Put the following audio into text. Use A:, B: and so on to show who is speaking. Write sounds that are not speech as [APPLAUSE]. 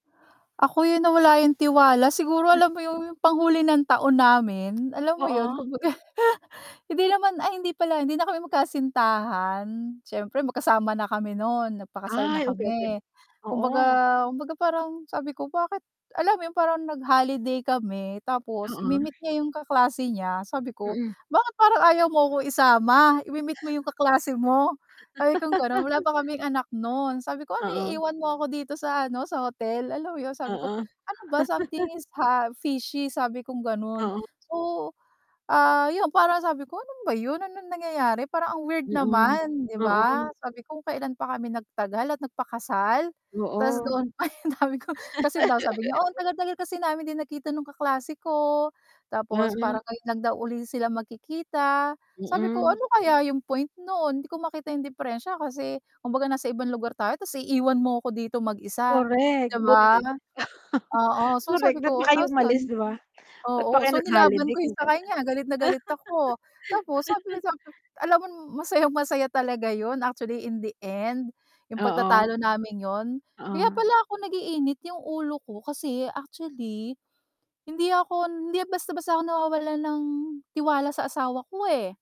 A: Ako 'yon nawala yung tiwala siguro
B: As
A: alam mo yun yung panghuli ng taon namin, alam mo 'yon
B: Oo.
A: kumbaga [CHUCKLES] hindi naman, ay hindi pala hindi na kami magkasintahan siyempre magkasama na kami no'n nagpakasal na
B: Ay, okey, okey,
A: kami, Kumbaga,
B: oo.
A: kumbaga parang sabi ko, "Bakit?" Alam mo yun parang nag-holiday kami tapos
B: Oo.
A: imi-meet niya yung kaklase niya sabi ko,
B: Mm.
A: "Bakit parang ayaw mo akong isama? Imi-meet mo yung kaklase mo," sabi kong gano'n wala
B: [LAUGHS]
A: pa kaming anak nun. Sabi ko, "Ano
B: Oo.
A: iiwan mo ako dito sa ano, sa hotel?" Alam mo yon, sabi ko,
B: Oo.
A: "Ano ba, something
B: [CHUCKLES]
A: is ha fishy," sabi kong gano'n.
B: Oo.
A: So, ah, 'yon, parang sabi ko, "Ano ba 'yon? Anong nangyayari parang ang weird
B: Mm,
A: naman," 'di ba?
B: oo.
A: Sabi ko, kung kailan pa kami nagtagal at nagpakasal, tas
B: Oo.
A: doon pa, [CHUCKLES] ang dami kong kasi daw sabi niya, "Oo, ang
B: [LAUGHS]
A: tagal-tagal kasi namin di nagkita nung kaklase ko," tapos parang
B: Mm.
A: ngayon lang daw uli sila magkikita. Sabi ko,
B: Mm.
A: "Ano kaya yung point no'n hindi ko makita yung deperensya kasi kumbaga nasa ibang lugar tayo tapos iiwan mo ko dito mag-isa,"
B: Correct
A: di
B: buti
A: ba?
B: [CHUCKLES]
A: Oo, so
B: correct,
A: sabi
B: ba't pa
A: ko
B: kayo
A: tapos
B: umalis,
A: 'yon,
B: di ba? Ba't pa
A: oo,
B: kayo
A: so nilaban
B: nag-holiday
A: ko yung
B: kung
A: sa
B: ganon.
A: kanya galit na galit ako tapos sabi ko
B: [LAUGHS]
A: sa kanya alam mo masayang masaya talaga 'yon actually in the end, yung
B: Oo.
A: pagtatalo naming yun kaya
B: Oo.
A: pala ako nag-iinit yung ulo ko kasi actually hindi ako, hindi basta-basta ako nawawalan ng tiwala sa asawa ko, eh.